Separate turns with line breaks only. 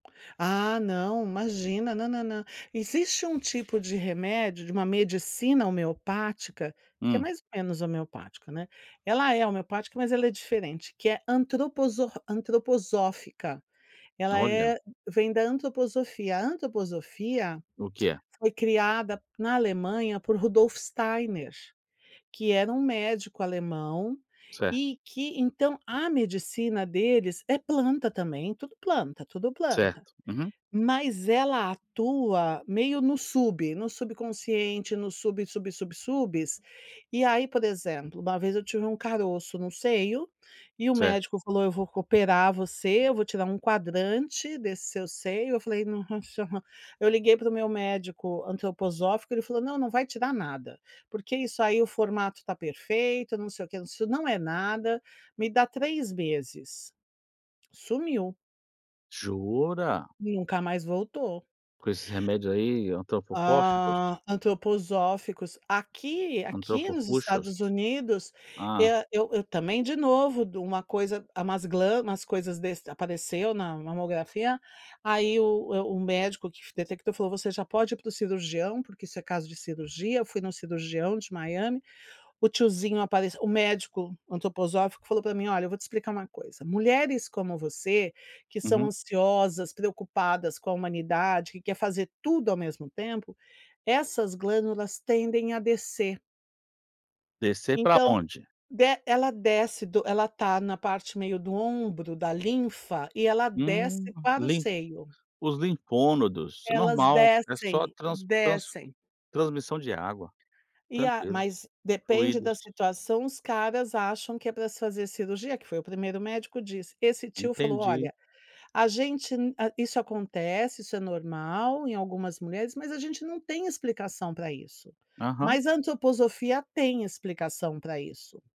Ah, não, imagina na na na existe um tipo de remédio de uma medicina homeopática que é
Hum?
mais ou menos homeopático, né, ela é homeopática, mas ela é diferente que é antroposo antroposófica, ela
Olha!
é vem da antroposofia, a antroposofia
O que é?
foi criada na Alemanha por Rudolf Steiner, que era um médico alemão
Certo.
e que então a medicina deles é planta também, tudo planta, tudo planta
Certo, uhum.
mas ela atua meio no sub no subconsciente no sub sub sub subes e, aí, por exemplo, uma vez eu tive um caroço no seio e o
Certo.
médico falou: "Eu vou operar você eu vou tirar um quadrante desse seu seio" eu falei: "Nossa!" Eu liguei para o meu médico antroposófico ele falou não, não vai tirar nada porque isso aí o formato está perfeito não sei o que não é nada, me dá 3 meses. Sumiu.
Jura?
Nunca mais voltou.
Com esses remédio, aí, antrofóxicos?
Hã, antroposóficos aqui aqui nos
Antropofuxos?
Estados Unidos
Hã?
eu eu também de novo de uma coisa umas glamas umas coisas desas apareceu na mamografia, aí, o o médico que detectou falou: "Você já pode ir para o cirurgião, porque isso é caso de cirurgia." Eu fui no cirurgião de Miami, o tiozinho apareceu o médico antroposófico falou para mim: "Olha eu vou te explicar uma coisa, mulheres como você, que são
Uhum.
ansiosas, preocupadas com a humanidade. que quer fazer tudo ao mesmo tempo, essas glândulas tendem a descer."
Descer para
Então,
onde?
des ela desce do ela está na parte meio do ombro da linfa e ela
Hum,
desce para o
limp
seio.
os limpômodos é
Elas
normal, é, só
descem
trans trans
descem.
transmissão de água,
E, a
tranquilo,
mas depende da
fluídos.
situação os caras acham que é para se fazer cirurgia, que foi o primeiro médico disse, esse tio falou:
Entendi.
"Olha, a gente isso acontece, isso é normal em algumas mulheres, mas a gente não tem explicação para isso,
Aham.
mas a antroposofia tem explicação para isso."